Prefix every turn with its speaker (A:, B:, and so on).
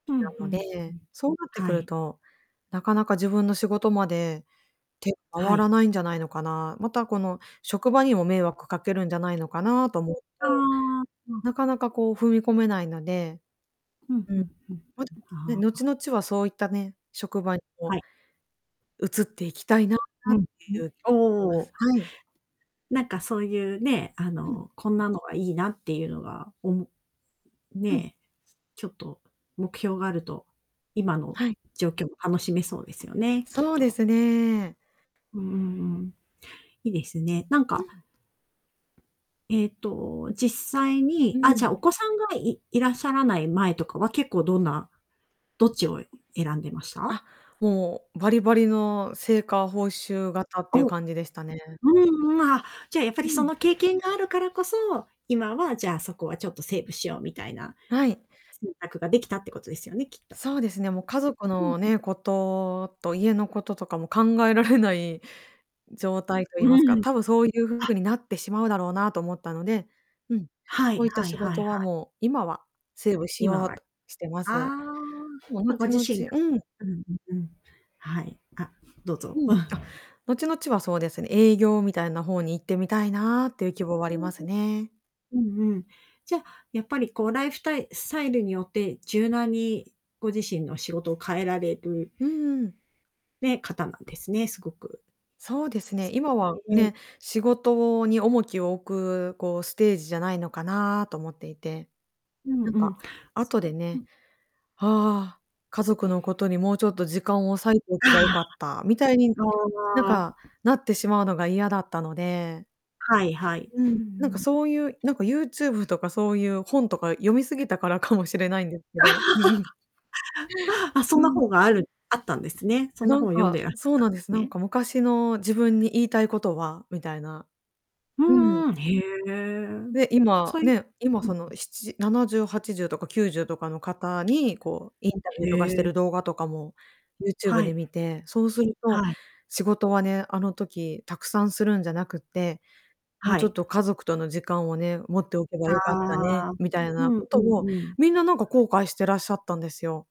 A: うん
B: な
A: うんう
B: の
A: ん、
B: で、そうなって
A: は
B: くる
A: い。
B: と、なかなか自分の仕事まで、手
A: は
B: 回ら
A: い。
B: ないんじゃないのかな、またこの職場にも迷惑かけるんじゃないのかなと思うと、
A: ああ。
B: な
A: あ。
B: かなかこう踏み込めないので。
A: うん
B: う
A: う
B: ん。
A: んうん。
B: ま、でもね
A: あ
B: 後
A: あ。
B: 々はそういったね、職場に
A: は
B: も
A: い。
B: 移っていきたいな
A: う
B: っ
A: ん。
B: て
A: う
B: い
A: ん。
B: う
A: お
B: ま
A: お。
B: す。はい。
A: なんかそういうね、あ
B: うん。
A: の、こんなのがいいなっていうのがおも
B: うん。
A: ねえ、ちょっと目標があると、今の
B: はい。
A: 状況も楽しめそうですよね、きっ
B: そうで
A: と。
B: すね。
A: うんうんうん。いいですね、なん
B: う
A: か
B: ん。
A: えっと、実際に
B: う
A: あ、じゃあ
B: ん。
A: お子さんがいいらっしゃらない前とかは、結構どんなどっちを選んでました？
B: あ、もうバリバリの成果報酬型っていう
A: お。う
B: 感じでしたね。
A: んうん、ああ、じゃあやっぱ
B: う
A: りそ
B: ん。
A: の経験があるからこそ、今はじゃあそこはちょっとセーブしようみたいな、
B: はい。
A: 選択ができたってことですよね、きっと。
B: そうですね、もう家族
A: うん
B: の
A: うん。
B: ね、ことと家のこととかも考えられない状態と言います
A: う
B: か、
A: ん。
B: 多分そういう
A: あ。
B: 風になってしまうだろうなと思ったので、うん、
A: はい
B: そういった
A: はい
B: 仕
A: はい
B: 事は
A: はい。
B: もう、今はセーブし
A: 今
B: よ
A: は。
B: うとしてま
A: あ
B: す。
A: あ、
B: でも
A: ま、
B: 後
A: ご自
B: 々
A: 身が。
B: うん。
A: うんうん。はい、あ、どうぞ。
B: うん、あ、後々はそうですね、営業みたいな方に行ってみたいなっていう希望はあ
A: う
B: り
A: ん
B: ます
A: う
B: ね。
A: ん。うんうん。じゃ、やっぱりこうライフタイスタイルによって柔軟にご自身の仕事を変えられる、
B: うーん。
A: ね、方なんですね、凄く。
B: そうですね、今は
A: [unintelligible]
B: ね、仕事に重きを置く、こう、ステージじゃないのかなと思っていて。
A: うん
B: なん
A: うん。
B: か、後で
A: う
B: ね
A: ん。
B: 「ああ、家族のことにもうちょっと時間を割いておけばよ
A: あ
B: かった」みたいに、
A: あ。
B: なん
A: ああ。
B: かなってしまうのが嫌だったので。
A: はいはい。
B: う
A: う
B: ん、
A: んう
B: なんか
A: ん。
B: そういう、なんか YouTube とかそういう本とか読みすぎたからかもしれないんですけど。
A: ああ、あ、そん
B: う
A: な
B: ん。
A: 本があるあったんですね。そんな
B: な
A: 本
B: ん
A: を読んで
B: か、
A: らっしゃっ
B: そう
A: たん
B: なんで
A: で
B: す。
A: す
B: なん
A: ね。
B: か「昔の自分に言いたいことは」みたいな。うん。
A: うん、へえ。
B: で、今
A: そういう
B: ね、今
A: うん
B: そ
A: うん。
B: の、しち70、80とか90とかの方に、こう、インタ
A: へ
B: ビューとかしてる
A: え。
B: 動画とかも、YouTube
A: は
B: で
A: い。
B: 見て、そうすると
A: はい。
B: 「仕事はね、あの時たくさんするんじゃなくって、もう
A: は
B: ちょっ
A: い。
B: と家族との時間をね、持っておけば
A: あ
B: よかったね」
A: あ、
B: みたい
A: う
B: な
A: ん
B: こ
A: う
B: とを、
A: んうん。
B: みんななんか後悔してらっしゃったんですよ。